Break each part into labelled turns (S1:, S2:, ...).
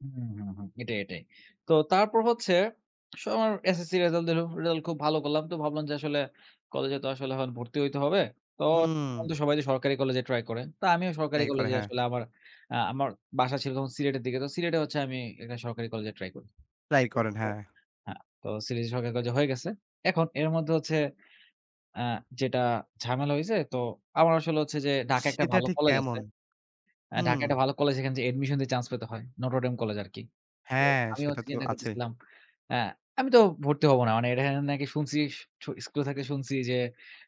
S1: হুম, হুম, হুম, এটাই, এটাই। তো তারপর হচ্ছে আসলে আমার এসএসসি রেজাল্ট দিল, রেজাল্ট খুব ভালো করলাম। তো ভাবলাম যে আসলে, "কলেজে তো আসলে এখন ভর্তি হইতে হবে। তো
S2: হুম।
S1: এখন সবাই যে সরকারি কলেজে ট্রাই করে।" তো আমিও সরকারি
S2: ট্রাই করে,
S1: কলেজে
S2: হ্যা।
S1: আসলে আমার আ আমার বাসা ছিল তখন সিলেটের দিকে। তো সিলেটে হচ্ছে আমি একটা সরকারি কলেজে ট্রাই করি।
S2: ট্রাই করেন, হ্যা।
S1: [unintelligible] হ্যা, তো সিলেটে সরকারি কলেজে হয়ে গেছে। এখন এর মধ্যে হচ্ছে আ যেটা ঝামেলা হইছে, তো আমার আসলে হচ্ছে যে ঢাকায় একটা
S2: সেটা
S1: ভালো
S2: ঠিক
S1: কলেজ আছে।
S2: কেমন?
S1: আ
S2: হুম।
S1: ঢাকায় একটা ভালো কলেজ সেখানে অ্যাডমিশন দিয়ে চান্স পেতে হয়, নটরডেম কলেজ আরকি। তো
S2: হ্যা,
S1: আমিও
S2: সেটা
S1: হচ্ছে
S2: তো
S1: চিন্তা
S2: আছে।
S1: করতেছিলাম, আ "আমি তো ভর্তি হব না।" মানে এটা এখানে নাকি শুনছি সু স্কুলে থাকতে শুনছি যে,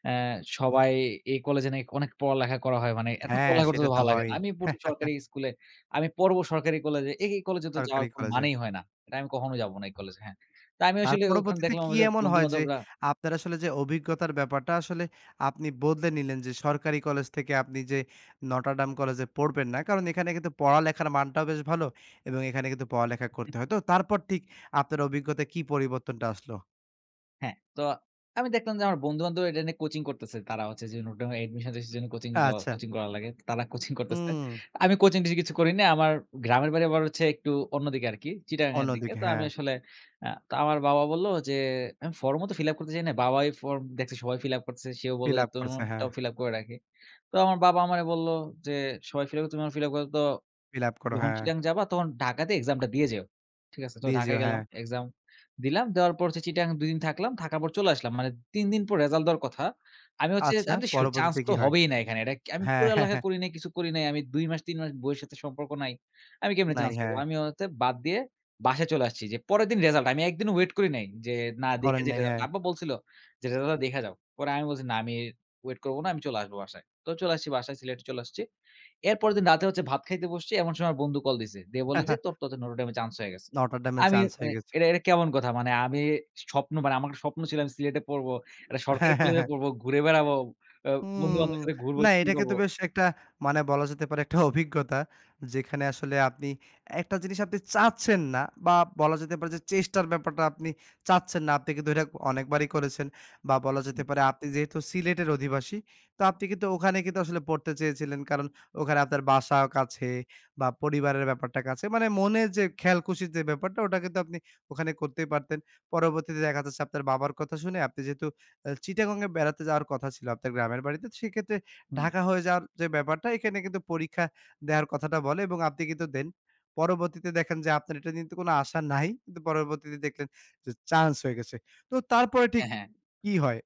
S1: অ্যা সবাই এই কলেজে নাকি অনেক পড়ালেখা করা হয়। মানে এত
S2: হ্যা,
S1: পড়ালেখা করতে
S2: সেটা
S1: তো
S2: তো
S1: ভালো লাগে না।
S2: হয়ই।
S1: আমি পড়ছি সরকারি স্কুলে, আমি পড়ব সরকারি কলেজে। এ এই কলেজে তো যাওয়ার
S2: সরকারি
S1: কোন
S2: কলেজে।
S1: মানেই হয় না। "এটা আমি কখনো যাব না এই কলেজে।" হ্যা? তো আমি
S2: তার
S1: আসলে ওখানে
S2: পরবর্তীতে
S1: দেখলাম
S2: কি
S1: আমার য
S2: এমন হয়? যে,
S1: বন্ধুবান্ধবরা
S2: আপনার আসলে যে অভিজ্ঞতার ব্যাপারটা আসলে আপনি বদলে নিলেন যে, সরকারি কলেজ থেকে আপনি যে নটরডাম কলেজ এ পড়বেন না। কারণ এখানে কিন্তু পড়ালেখার মানটাও বেশ ভালো এবং এখানে কিন্তু পড়ালেখা করতে হয়। তো তারপর ঠিক আপনার অভিজ্ঞতায় কি পরিবর্তনটা আসলো?
S1: হ্যা। তো আমি দেখলাম যে আমার বন্ধুবান্ধব এটা নিয়ে কোচিং করতেছে। তারা হচ্ছে যে, নটরডেমে অ্যাডমিশন টেস্টের জন্য কোচিং অ
S2: আচ্ছা।
S1: কোচিং করা লাগে। তারা কোচিং করতেছে।
S2: হুম।
S1: আমি কোচিং-টোচিং কিছু করি নাই। আমার গ্রামের বাড়ি আবার হচ্ছে একটু অন্যদিকে আরকি,
S2: অন্য
S1: চিটাগংঙ্গের দিকে।
S2: দিকে,
S1: তো
S2: হ্যা।
S1: আমি আসলে আ তো আমার বাবা বলল যে, আমি ফর্মও তো ফিল আপ করতে চাই না। বাবাই ফর্ম দেখছে, সবাই ফিল আপ করতেছে, সেও বলল
S2: ফিল
S1: যে,
S2: আপ করছে, হ্যা।
S1: "তোমারটাও ফিল আপ করে রাখি।" তো আমার বাবা আমারে বলল যে, "সবাই ফিল আপ করে তুমি আমার ফিল আপ করে, তো
S2: ফিল আপ করো,
S1: যখন
S2: হ্যা।
S1: চিটাগংঙ্গে যাবা, তখন ঢাকাতে এক্সামটা দিয়ে যেও।" ঠিক আছে? তো
S2: দিয়ে
S1: ঢাকায়
S2: যেও, হ্যা।
S1: গেলাম, এক্সাম দিলাম। দেওয়ার পর হচ্ছে চিটাগংঙ্গে ২ দিন থাকলাম, থাকার পর চলে আসলাম। মানে ৩ দিন পর রেসাল্ট দেওয়ার কথা, আমি হচ্ছে,
S2: আচ্ছা,
S1: আমিতো শিওর চান্স
S2: পরবর্তীতে
S1: তো
S2: কি হয়?
S1: হবেই না এখানে। "এটা আমি
S2: হ্যা।
S1: পড়ালেখা করি নাই, কিছু করি নাই। আমি ২ মাস, ৩ মাস বইয়ের সাথে সম্পর্ক নাই। আমি কেমনে
S2: নাই,
S1: চান্স পাব?"
S2: হ্যা।
S1: আমি অ তে বাদ দিয়ে বাসায় চলে আসছি যে, পরের দিন রেসাল্ট আমি ১ দিনও ওয়েট করি নাই যে, "না, দেখে
S2: করেন
S1: যাই
S2: নাই,
S1: রিসাল্ট।"
S2: হ্যা।
S1: আব্বা বলছিল যে, "রেজাল্টটা দেইখা যাও।" পরে আমি বলছি, "না, আমি ওয়েট করব না আমি চলে আসব বাসায়।" তো চলে আসছি বাসায়, সিলেটে চলে আসছি। এর পরের দিন রাতে হচ্ছে ভাত খাইতে বসছি, এমন সময় আমার বন্ধু কল দিছে, দিয়ে বলে যে, "তোর টা তো নটরডেমে চান্স হয়ে গেছে।"
S2: নটরডেমে
S1: আমি
S2: চান্স হয়ে
S1: মানে
S2: গেছে।
S1: এটা, এটা কেমন কথা? মানে আমি স্বপ্ন মানে, আমার একটা স্বপ্ন ছিল আমি সিলেটে পড়ব, একটা
S2: হ্যা,
S1: সরকারি
S2: হ্যা,
S1: কলেজে
S2: হ্যা।
S1: পড়ব, ঘুরে বেড়াবো। আ
S2: হুম।
S1: বন্ধু-বান্ধবের সাথে ঘুরবো,
S2: না,
S1: কি
S2: এটাকে তো
S1: করবো?
S2: বেশ একটা মানে বলা যেতে পারে, একটা অভিজ্ঞতা। যেখানে আসলে আপনি, একটা জিনিস আপনি চাচ্ছেন না বা বলা যেতে পারে যে, চেষ্টার ব্যাপারটা আপনি চাচ্ছেন না। আপনি কিন্তু এটা অনেকবারই করেছেন বা বলা
S1: হুম।
S2: যেতে পারে, আপনি যেহেতু সিলেটের অধিবাসী। তো আপনি কিন্তু ওখানে কিন্তু আসলে পড়তে চেয়েছিলেন কারণ, ওখানে আপনার বাসাও কাছে বা পরিবারের ব্যাপারটা কাছে। মানে মনের যে খেয়াল-খুশির যে ব্যাপারটা, ওটা কিন্তু আপনি ওখানে করতেই পারতেন। পরবর্তীতে দেখা যাচ্ছে আপনার বাবার কথা শুনে, আপনি যেহেতু এ চিটাগং এ বেড়াতে যাওয়ার কথা ছিল, আপনার গ্রামের বাড়িতে। তো সেক্ষেত্রে
S1: হুম।
S2: ঢাকা হয়ে যাওয়ার যে ব্যাপারটা, এখানে কিন্তু পরীক্ষা দেওয়ার কথাটা বলে এবং আপনি কিন্তু দেন। পরবর্তীতে দেখেন যে, আপনার এটা নিয়ে কিন্তু কোনো আশা নাই, কিন্তু পরবর্তীতে দেখলেন যে চান্স হয়ে গেছে। তো তারপরে
S1: হ্যা,
S2: ঠিক
S1: হ্যা।
S2: কি হয়?